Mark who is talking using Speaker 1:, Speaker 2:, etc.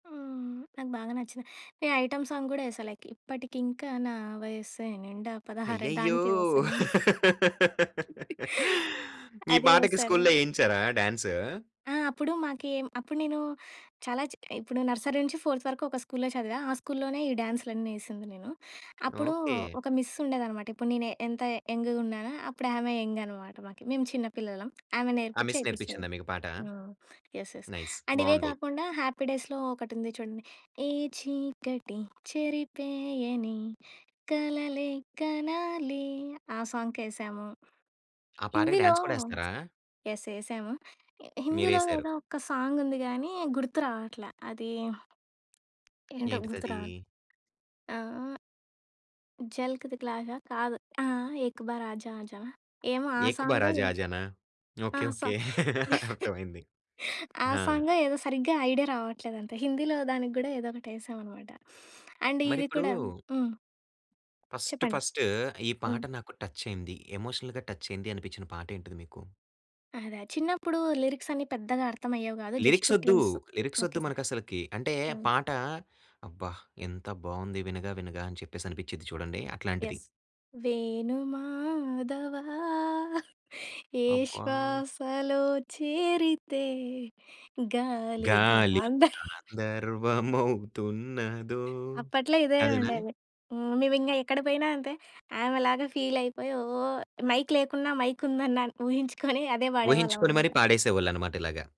Speaker 1: హ్మ్, నాకు బాగా నచ్చిన ఏ ఐటెమ్ సాంగ్ కూడా వేశా, లైక్ ఇప్పటికింకా నా వయస్సే నిండా పదహారే
Speaker 2: అయ్యయ్యో!
Speaker 1: దానికే వేసాను.
Speaker 2: ఈ
Speaker 1: అదీ
Speaker 2: పాటకి
Speaker 1: వేసాను.
Speaker 2: స్కూల్‌లో ఏయించారా డాన్సు?
Speaker 1: ఆ! అప్పుడు మాకి, అప్పుడు నేను చాలా చి ఇప్పుడు నర్సరీ నుంచి ఫోర్త్ వరకు ఒక స్కూల్‌లో చదివా. ఆ స్కూల్‌లోనే ఈ డ్యాన్స్‌లన్నీ ఏసింది నేను. అప్పుడు
Speaker 2: ఓకే.
Speaker 1: ఒక మిస్ ఉండేదనమాట. ఇప్పుడు నేను ఎంత యంగ్‌గా ఉన్నానో, అప్పుడు ఆమె యంగనమాట మాకి. మేము చిన్న పిల్లలం. ఆమె
Speaker 2: ఆ
Speaker 1: నేర్పించి,
Speaker 2: మిస్
Speaker 1: ఏపిస్తాది.
Speaker 2: నేర్పించిందా మీకు పాట?
Speaker 1: ఆ! యెస్. యెస్.
Speaker 2: నైస్
Speaker 1: అండ్ ఇవే
Speaker 2: బావుంది.
Speaker 1: కాకుండా, 'హ్యాపీ డేస్‌లో' ఒకటుంది చూడండి, ఏ చీకటి చెరిపేయని కలలే కనాలి ఆ సాంగ్‌కేశాము.
Speaker 2: ఆ పాటకి
Speaker 1: హిందీలో
Speaker 2: డాన్స్ కూడా ఏస్తారా?
Speaker 1: యెస్. ఏసాము. హిందీలో
Speaker 2: మీరేసారు.
Speaker 1: ఏదో ఒక్క సాంగుంది గాని, గుర్తు రావట్ల. అది, ఏంటో గుర్తురావట్ల.
Speaker 2: ఏంటిదది?
Speaker 1: ఆహ్ 'జల్క్ తికల్ ఆజా' కాదు. ఆహ్, 'ఏక్ బార్ ఆజా ఆజా‌నా' ఏమో ఆ
Speaker 2: 'ఏక్ బార్
Speaker 1: సాంగె,
Speaker 2: ఆజా ఆజానా?'
Speaker 1: ఆ!
Speaker 2: ఓకే.
Speaker 1: సా
Speaker 2: ఓకే. అర్ధమయింది
Speaker 1: ఆ
Speaker 2: ఆ!
Speaker 1: సాంగో ఏదో సరిగ్గా ఐడియా రావట్లేదంతే. హిందీలో దానికి కూడా ఏదో ఒకటి ఏసామన్నమాట. అండ్ ఇది
Speaker 2: మరిప్పుడూ
Speaker 1: కూడా హ్మ్.
Speaker 2: ఫస్ట్,
Speaker 1: చెప్పండి.
Speaker 2: ఫస్ట్ ఈ పాట
Speaker 1: హ్మ్.
Speaker 2: నాకు టచ్ అయింది. ఎమోషనల్‌గా టచ్ అయింది అనిపించిన పాట ఏంటిది మీకు?
Speaker 1: అదే, చిన్నప్పుడు లిరిక్స్ అన్ని పెద్దగా అర్థం అయ్యేవి కాదు.
Speaker 2: లిరిక్స్
Speaker 1: జస్ట్
Speaker 2: వొద్దు,
Speaker 1: ట్యూన్స్
Speaker 2: లిరిక్స్ వొద్దు,
Speaker 1: ఓకే.
Speaker 2: మనకు అసలకి. అంటే
Speaker 1: ఆ!
Speaker 2: పాట అబ్బా! ఎంత బావుంది వినగా, వినగా అని చెప్పేసనిపిచిద్ది చూడండి అట్లాంటిది?
Speaker 1: యెస్. వేణు మాధవా! ఏ
Speaker 2: అబ్బా!
Speaker 1: శ్వాసలో చేరితే గాలి
Speaker 2: గాలి
Speaker 1: గాంధర్వ.
Speaker 2: గాంధర్వమవుతున్నదో
Speaker 1: అప్పట్లో ఇదే
Speaker 2: అదేనా?
Speaker 1: ఉండేది. హ్మ్, మేమింగా ఎక్కడకి పోయినా అంతే. ఆమెలాగా ఫీల్ అయిపోయి, ఓ మైక్ లేకున్నా, మైక్ ఉందన్న ఊహించుకొని అదే
Speaker 2: ఊహించుకొని మరి
Speaker 1: పాడేవాళ్ళమన్నమాట.
Speaker 2: పాడేసేవొళ్ళన్నమాట ఇలాగా.